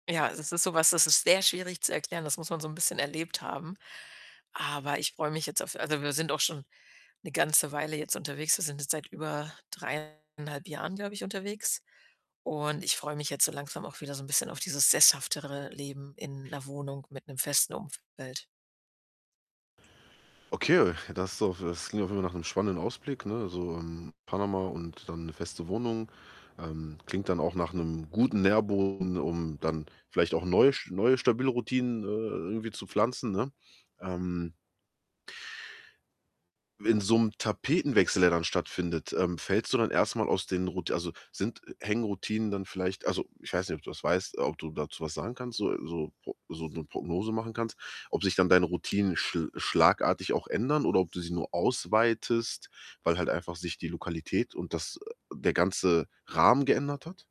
Ja, es ist so was, das ist sehr schwierig zu erklären, das muss man so ’n bisschen erlebt haben. Aber ich freue mich jetzt auf also wir sind auch schon ’ne ganze Weile jetzt unterwegs. Wir sind jetzt seit über 3 1/2 Jahren, glaube ich, unterwegs und ich freue mich jetzt so langsam auch wieder so ’n bisschen auf dieses sesshaftere Leben in ’ner Wohnung mit ’nem festen Umfeld. Okay, das auf es das klingt auf jeden Fall nach ’nem spannenden Ausblick, ne, also, hm, Panama und dann ’ne feste Wohnung. Ähm, klingt dann auch nach ’nem guten Nährboden, um dann vielleicht auch ’n neusch neue stabile Routinen, äh äh, irgendwie zu pflanzen, ne? Ähm In so ’m Tapetenwechsel, der dann stattfindet, ähm, fällst du dann erst mal aus den Rout also sind hängen Routinen dann vielleicht also, ich weiß nicht, ob du das weißt, ob du dazu was sagen kannst so so so ’ne Prognose machen kannst, ob sich dann deine Routinen schl schlagartig auch ändern oder ob du sie nur ausweitest, weil halt einfach sich die Lokalität und das, äh der ganze Rahmen geändert hat?